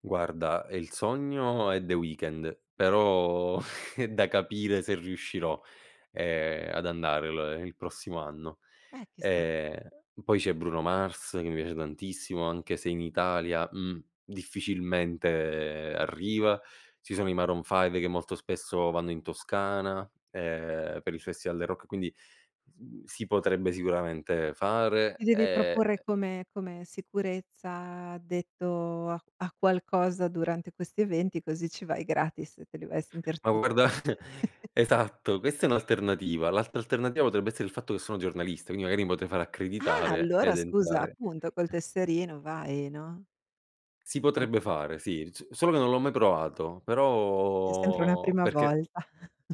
Guarda, ehm, il sogno è The Weeknd, però è da capire se riuscirò, ehm, ad andare l il prossimo anno. Eh, chissà. Ehm, e poi c'è Bruno Mars, che mi piace tantissimo anche se in Italia, mh, difficilmente arriva. Ci sono i Maroon Five, che molto spesso vanno in Toscana, ehm, per il festival del rock; quindi s mhmm, si potrebbe sicuramente Ti fare. devi Ehm, ehm proporre come come sicurezza addetto a a qualcosa durante questi eventi, così ci vai gratis e te li vai a sentir Ma tu guarda esatto, questa è un'alternativa. L'altra alternativa potrebbe essere il fatto che sono giornalista, quindi magari potrei fare Ah accreditare allora ed scusa, entrare appunto col tesserino vai, no. Si Eh però potrebbe f fare, sì, so solo che non l'ho mai provato, C'è sempre una però prima perché volta.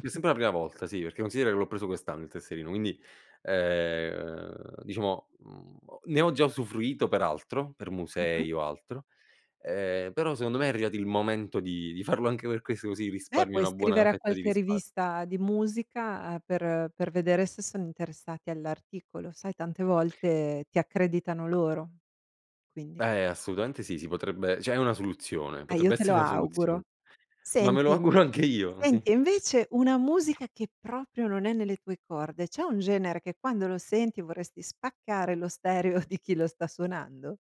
c'è sempre una prima volta sì, perché considera che l'ho preso quest'anno il tesserino, quindi, ehm, diciamo, mhmm, ho ne ho già usufruito per altro, per Mh-mh. musei o altro, ehm, però secondo me è arrivato il momento di di farlo anche per questo così Beh, risparmio, puoi una buona scrivere a fetta di qualche rispar rivista di musica, per per vedere se son interessati all'articolo. Sai tante volte ti accreditano loro; quindi Eh, assolutamente sì, si potrebbe cioè è una soluzione, Eh io potrebbe te lo essere una soluzio auguro. ma me lo Senti auguro anche io, sì. senti e invece una musica che proprio non è nelle tue corde, c'è un genere che quando lo senti vorresti spaccare lo stereo di chi lo sta suonando?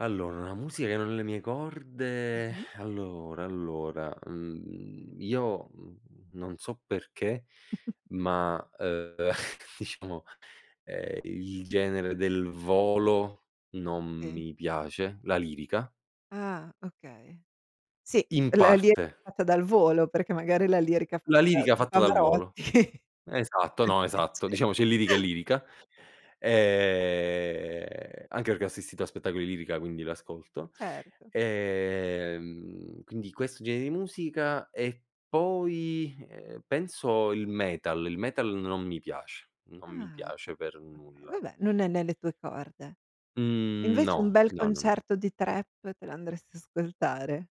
Allora, una musica che è nelle mie corde, Mh-mh. allora, allora, mhmm, io, mhmm, non so perché, ma, ehm, diciamo, ehm, il genere del Volo non Eh. mi piace, la lirica. Ah, okay. Sì, [unintelligible] In la lirica parte. fatta dal Volo, perché magari la lirica La fatta da lirica da fatta dal Volo. Pavarotti, Esatto, poteva no, esatto. piacere. Diciamo c'è lirica e lirica. E anche perché ho assistito a spettacoli lirica, quindi l'ascolto. Certo. Ehm, quindi questo gene di musica e poi, ehm, penso il metal, il metal non mi piace, non mi Ah, piace okay, per okay. nulla. Vabbè, non è nelle tue corde. Mhmm, Invece un no, bel no, no, no. concerto di Trap te l'andresti ascoltare?